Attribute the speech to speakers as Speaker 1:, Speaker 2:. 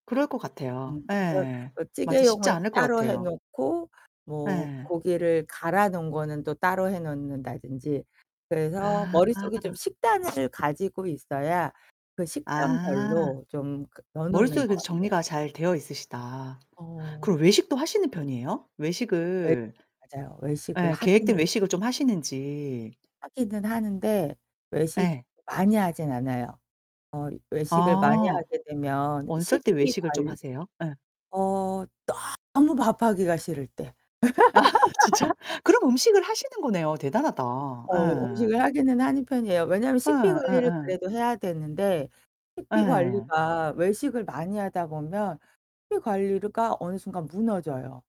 Speaker 1: 그럴 것 같아요.
Speaker 2: 음 어
Speaker 1: 예
Speaker 2: 뭐
Speaker 1: 맞아 쉽지
Speaker 2: 찌개용을
Speaker 1: 않을 것
Speaker 2: 따로 해
Speaker 1: 같아요.
Speaker 2: 놓고 뭐
Speaker 1: 예.
Speaker 2: 고기를 갈아 놓은 거는 또 따로 해 놓는다든지. 그래서 머릿속에 좀
Speaker 1: 아.
Speaker 2: 식단을 가지고 있어야 그
Speaker 1: 아.
Speaker 2: 식단별로 좀 그 넣어 놓는
Speaker 1: 머릿속에
Speaker 2: 것
Speaker 1: 그래도
Speaker 2: 같아요.
Speaker 1: 정리가 잘 되어 있으시다.
Speaker 2: 어.
Speaker 1: 그럼 외식도 하시는 편이에요?
Speaker 2: 예.
Speaker 1: 외식을
Speaker 2: 맞아요. 외식을
Speaker 1: 네 계획된
Speaker 2: 하기는
Speaker 1: 외식을 좀 하시는지.
Speaker 2: 하기는 하는데 외식
Speaker 1: 예.
Speaker 2: 많이 하진 않아요. 어 외식을 많이
Speaker 1: 아.
Speaker 2: 하게 되면
Speaker 1: 어쩔 때
Speaker 2: 식비
Speaker 1: 외식을 좀
Speaker 2: 관
Speaker 1: 하세요? 예.
Speaker 2: 어 너무 밥하기가 싫을 때.
Speaker 1: 아 진짜? 그럼 음식을 하시는 거네요. 대단하다.
Speaker 2: 어
Speaker 1: 예.
Speaker 2: 음식을 하기는 하는 편이에요. 왜냐면
Speaker 1: 예
Speaker 2: 식비 관리를
Speaker 1: 예예.
Speaker 2: 그래도 해야 되는데 식비
Speaker 1: 예.
Speaker 2: 관리가 외식을 많이 하다 보면 식비 관리가 어느 순간 무너져요.